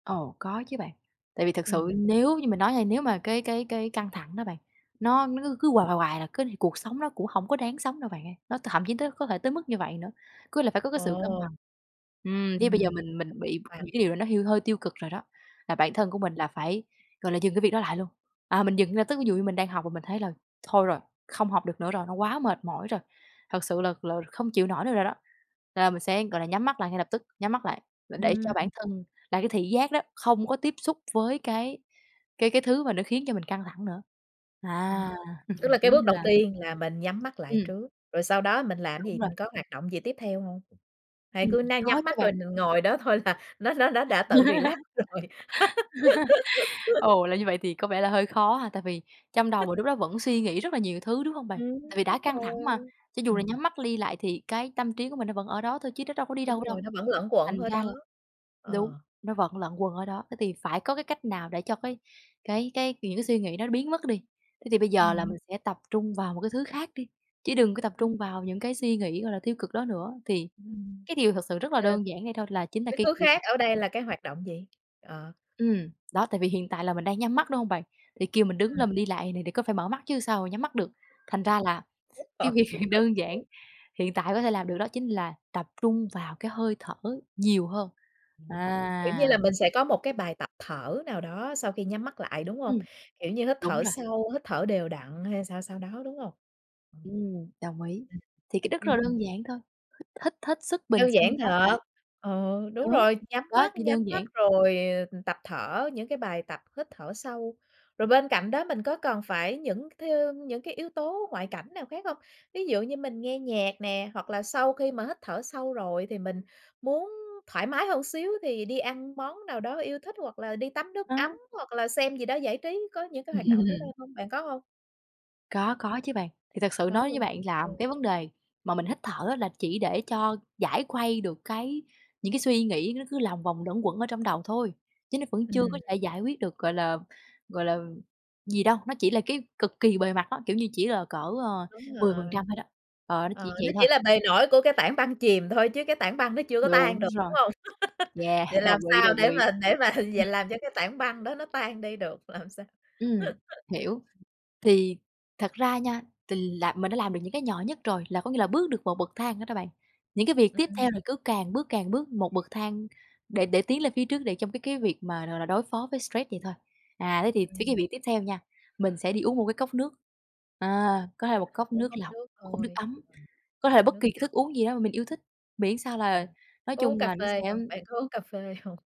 Ồ, có chứ bạn. Tại vì thực sự Ừm. nếu như mình nói hay nếu mà cái cái cái căng thẳng đó bạn, nó nó cứ cứ hoài hoài hoài là cứ này cuộc sống nó cũng hổng có đáng sống đâu bạn ơi, nó t thậm chí tới có thể tới mức như vậy nữa, cứ là phải có cái sự cân bằng. Ồ! Ừm, với bây Ừm. giờ mình mình bị những [unintelligible] cái điều nó hiu hơi tiêu cực rồi đó, là bản thân của mình là phải, gọi là, dừng cái việc đó lại luôn. À, mình dừng là tức ví dụ như mình đang học và mình thấy là thôi rồi, không học được nữa rồi, nó quá mệt mỏi rồi, thật sự là là không chịu nổi nữa rồi đó, là mình sẽ, gọi là, nhắm mắt lại ngay lập tức, nhắm mắt lại và để cho Ừm. bản thân là cái thị giác đó, không có tiếp xúc với cái cái cái thứ mà nó khiến cho mình căng thẳng nữa. Ờ, À, tức là kiểu cái như bước đầu là tiên là mình nhắm mắt lại Ừm. trước, rồi sau đó mình làm cái gì, Đúng rồi. mình có hoạt động gì tiếp theo hông? Hay Ừm, cứ ná có nhắm chứ mắt rồi bạn. mình ngồi đó thôi là nó nó nó đã tự relax rồi? Ồ, là như vậy thì có vẻ là hơi khó ha, tại vì trong đầu mà lúc đó vẫn suy nghĩ rất là nhiều thứ, đúng hông bạn? Ừm, Tại vì đã đúng căng thẳng mà, rồi, cho dù là ừm. nhắm mắt đi lại thì cái tâm trí của mình nó vẫn ở đó thôi chứ nó đâu có đi Đúng đâu đâu. rồi, nó vẫn luẩn quẩn Thành ở ra đó. là đúng, Ờ. nó vẫn lẩn quần ở đó, thế thì phải có cái cách nào để cho cái cái cái những cái suy nghĩ đó nó biến mất đi. Thế thì bây giờ là Ừm. mình sẽ tập trung vào một cái thứ khác đi, chứ đừng có tập Ừm. trung vào những cái suy nghĩ, gọi là, tiêu cực đó nữa, thì Ừm. cái điều thực sự rất là Ờ. đơn giản vậy thôi là chính là Cái cái thứ kỹ thuật khác ở đây là cái hoạt động gì? Ờ. Ừm, đó, tại vì hiện tại là mình đang nhắm mắt, đúng hông bạn? Thì kêu mình đứng Ừm. lên mình đi lại này thì có phải mở mắt chứ sao mà nhắm mắt được. Thành ra là [unintelligible] cái việc đơn giản, hiện tại có thể làm được đó chính là tập trung vào cái hơi thở nhiều hơn. Ừm, kiểu như À! là, mình sẽ có một cái bài tập thở nào đó sau khi nhắm mắt lại, đúng hông? Ừm. Kiểu như, hít Đúng thở rồi. sâu, hít thở đều đặn hay sao sao đó, đúng không? Ừm, đồng ý, Ừm. thì cái đức rất Ừm, là ừm. đơn giản thôi, hít hít hết sức bình Đơn sinh giản có thể. thật, ừ, đúng Đúng, rồi, nhắm đó, mắt chi nhắm đơn mắt giản. rồi, ờ, tập thở những cái bài tập hít thở sâu. Rồi bên cạnh đó mình có cần phải những cái thứ những cái yếu tố ngoại cảnh nào khác không? Ví dụ như mình nghe nhạc nè, hoặc là sau khi mà hít thở sâu rồi thì mình muốn thoải mái hơn xíu thì đi ăn món nào đó yêu thích, hoặc là đi tắm nước ấm À. hoặc là xem gì đó giải trí, có những cái hoạt động đó đó Ừm. không bạn có hông? Có có chứ bạn, thì thật sự Có nói với luôn? bạn là Ừ. cái vấn đề mà mình hít thở á là chỉ để cho giải khuây được cái những cái suy nghĩ nó cứ lòng vòng lẩn quẩn ở trong đầu thôi, chứ nó vẫn chưa Ừm. có thể giải quyết được, gọi là gọi là, gì đâu, nó chỉ là cái cực kỳ bề mặt á, kiểu như, chỉ là cỡ, ờ, Đúng mười phần rồi. trăm thôi đó, ờ, nó chỉ Ờ, nó vậy chỉ thôi. là bề nổi của cái tảng băng chìm thôi, chứ cái tảng băng nó chưa có tan Đúng được, đúng rồi. không? Vậy Yeah, làm đồng ý, sao đồng để ý. mà để mà Ừm. giờ làm cho cái tảng băng đó nó tan đi được, làm sao? Ừm, hiểu. Thì thật ra nha, thì là mình đã làm được những cái nhỏ nhất rồi, là có nghĩa là bước được một bậc thang đó đó bạn. Những cái việc tiếp Ừm. theo là cứ càng bước càng bước một bậc thang để để tiến lên phía trước, để trong cái cái việc mà, gọi là, đối phó với stress vậy thôi. À, thế thì với cái Ừm. việc tiếp theo nha, mình sẽ đi uống 1 cái cốc nước, à, có thể 1 cốc Uống nước cốc lọc, nước 1 cốc nước thôi. ấm, Ừm. có thể Nước bất kỳ cái nóng. thức uống gì đó mà mình yêu thích, miễn sao là Ừm. nói Có uống chung cà là nó phê sẽ hông? Bạn có uống cà phê hông?